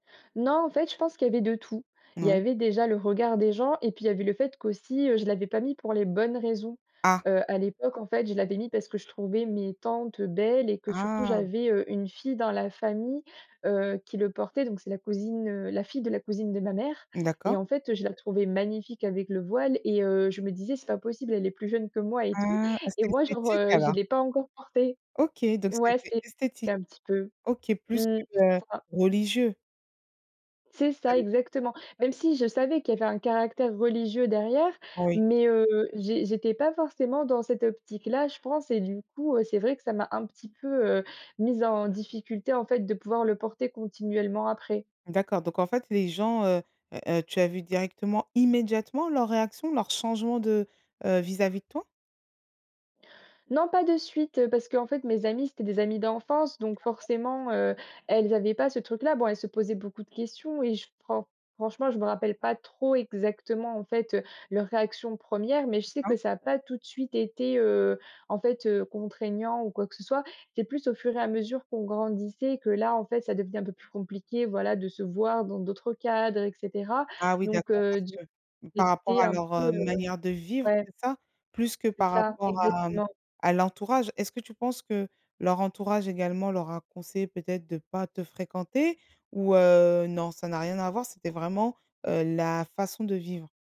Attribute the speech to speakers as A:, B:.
A: Non, en fait, je pense qu'il y avait de tout. Il y
B: Mouais.
A: avait, déjà, le regard des gens et puis, il y avait le fait qu'aussi, heu, je l'avais pas mis pour les bonnes raisons.
B: Ah!
A: Heu, à l'époque, en fait, je l'avais mis parce que je trouvais mes tantes, heu, belles et que surtout
B: Ah!
A: j'avais, heu, une fille dans la famille, heu, qui le portait, donc c'est la cousine, heu, la fille de la cousine de ma mère et
B: D'accord.
A: en fait, heu, je la trouvais magnifique avec le voile et heu, je me disais: «C'est pas possible, elle est plus jeune que moi et tout
B: Ah! ah,
A: et
B: c'était
A: moi genre,
B: esthétique,
A: heu, je
B: alors?
A: l'ai pas encore porté.»
B: OK, donc
A: Ouais
B: c'était
A: c'était
B: esthétique.
A: cas un petit peu.
B: OK, plus
A: Mmh,
B: que, heu,
A: ça.
B: religieux?
A: C'est
B: Ca
A: ça
B: dépend.
A: exactement. Même si je savais qu'il y avait un caractère religieux derrière,
B: Oui.
A: mais, heu, j'é j'étais pas forcément dans cette optique-là, je pense et du coup, heu, c'est vrai que ça m'a un petit peu, heu, mise en difficulté en fait de pouvoir le porter continuellement après.
B: D'accord, donc, en fait, les gens, heu, heu, heu, tu as vu directement, immédiatement leurs réactions, leurs changements de, heu, vis-à-vis de toi?
A: Non pas de suite, heu, parce qu'en fait mes amies, c'étaient des amies d'enfance donc
B: D'accord.
A: forcément, heu, elles avaient pas ce truc-là. Bon, elles se posaient beaucoup de questions et je fran franchement, je me rappelle pas trop exactement, en fait, heu, leurs réactions 1res mais je sais
B: D'accord.
A: que ça a pas tout de suite été, heu, en fait, heu, contraignant ou quoi que ce soit. C'est plus au fur et à mesure qu'on grandissait que là, en fait, ça devenait un peu plus compliqué, voilà, de se voir dans d'autres cadres et cetera.
B: Ah oui,
A: Donc,
B: d'accord,
A: heu,
B: parce
A: d
B: que,
A: j'ai
B: par rapport
A: été
B: à
A: un
B: leur,
A: peu,
B: heu,
A: heu,
B: manière de vivre,
A: ouais.
B: c'est ça? Plus que
A: C'est
B: par
A: ça,
B: rapport à, mmh,
A: exactement.
B: à l'entourage? Est-ce que tu penses que leur entourage également leur a conseillé peut-être de pas te fréquenter? Ou, heu, non, ça n'a rien à voir, c'était vraiment, heu, la façon de vivre?